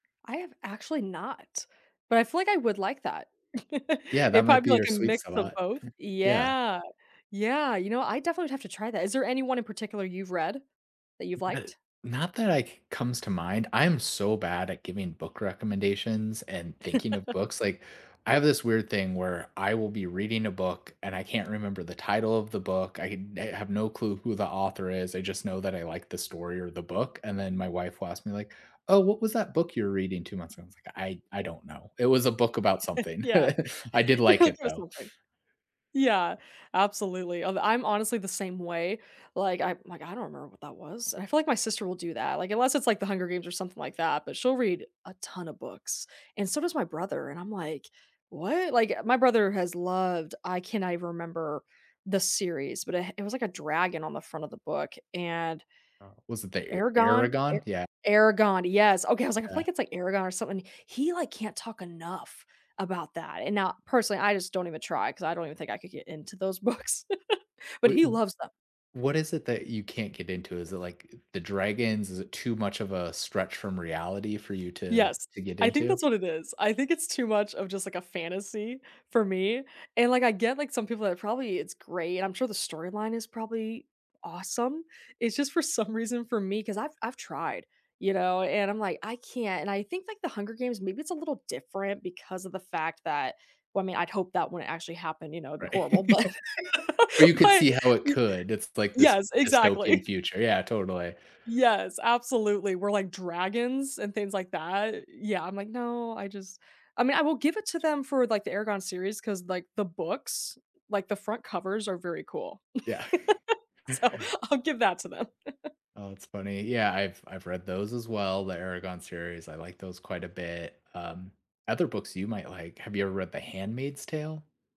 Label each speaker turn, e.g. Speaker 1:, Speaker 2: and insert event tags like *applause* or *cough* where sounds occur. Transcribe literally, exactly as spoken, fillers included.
Speaker 1: I have actually not, but I feel like I would like that. *laughs*
Speaker 2: Yeah, that
Speaker 1: It'd
Speaker 2: might
Speaker 1: probably be,
Speaker 2: be
Speaker 1: like,
Speaker 2: your
Speaker 1: a
Speaker 2: sweet
Speaker 1: mix of
Speaker 2: spot.
Speaker 1: both.
Speaker 2: *chuckles* Yeah.
Speaker 1: Yeah. Yeah. You know, I definitely would have to try that. Is there anyone in particular you've read that you've
Speaker 2: Not
Speaker 1: liked?
Speaker 2: not that, like, comes to mind I'm so bad at giving book recommendations and thinking of
Speaker 1: *laughs*
Speaker 2: books, like, I have this weird thing where I will be reading a book and I can't remember the title of the book. I I eh, have no clue who the author is I just know that I like the story or the book, and then my wife will ask me, like, "Oh, what was that book you're reading two months ago?" I was like, "I I don't know. It was a book about
Speaker 1: *chuckles*
Speaker 2: something.
Speaker 1: Yeah.
Speaker 2: *chuckles* I did like
Speaker 1: *chuckles*
Speaker 2: it,
Speaker 1: You're
Speaker 2: though."
Speaker 1: so funny. Yeah, absolutely, I'm I'm honestly the same way. Like I like I don't remember what that was I feel like my sister will do that. Like, unless it's, like, The Hunger Games or something like that, but she'll read a ton of books and so does my brother, and I'm, like, "What?" Like, my brother has loved I cannot even remember the series, but, eh, it was, like, a dragon on the front of the book and
Speaker 2: Oh, was it the E
Speaker 1: Eragon E
Speaker 2: Eragon? Yeah.
Speaker 1: Eragon, yes, okay, I was, like, I feel,
Speaker 2: Yeah.
Speaker 1: like it's, like, Eragon or something. He, like, can't talk enough about that, and now personally I just don't even try 'cause I don't even think I could get into those books, *chuckles* but
Speaker 2: Wa
Speaker 1: he
Speaker 2: u
Speaker 1: loves them.
Speaker 2: what is it that you can't get into? Is it, like, I the dragons? Is it too much of a stretch from reality for you to
Speaker 1: Yes,
Speaker 2: to get
Speaker 1: I think
Speaker 2: into?
Speaker 1: that's what it is. I think it's too much of just, like, a fantasy for me, and, like, I get, like, some people are probably, "It's great," I'm sure the storyline is probably awesome. It's just for some reason for me cause I've I've tried, you know, and I'm like, "I can't," and I think, like, The Hunger Games, maybe it's a little different because of the fact that well, I mean, I'd hope that wouldn't actually happen, you know, it'd be horrible
Speaker 2: Right.
Speaker 1: but
Speaker 2: But you could
Speaker 1: but
Speaker 2: see how it
Speaker 1: y
Speaker 2: could, it's, like, this
Speaker 1: yes,
Speaker 2: dystopian
Speaker 1: exactly.
Speaker 2: future, yeah, totally.
Speaker 1: Yes, absolutely, where, like, dragons and things, like, that yeah, I'm, like, "No, I just" I mean, I will give it to them for, like, the Eragon series 'cause, like, the books, like, the front covers are very cool.
Speaker 2: Yeah.
Speaker 1: *laughs* So I'll give that to them. *chuckles*
Speaker 2: Oh, it's funny. Yeah, I've I've read those as well, the Eragon series, I like those quite a bit, um, other books you might like, have you ever read The Handmaid's Tale?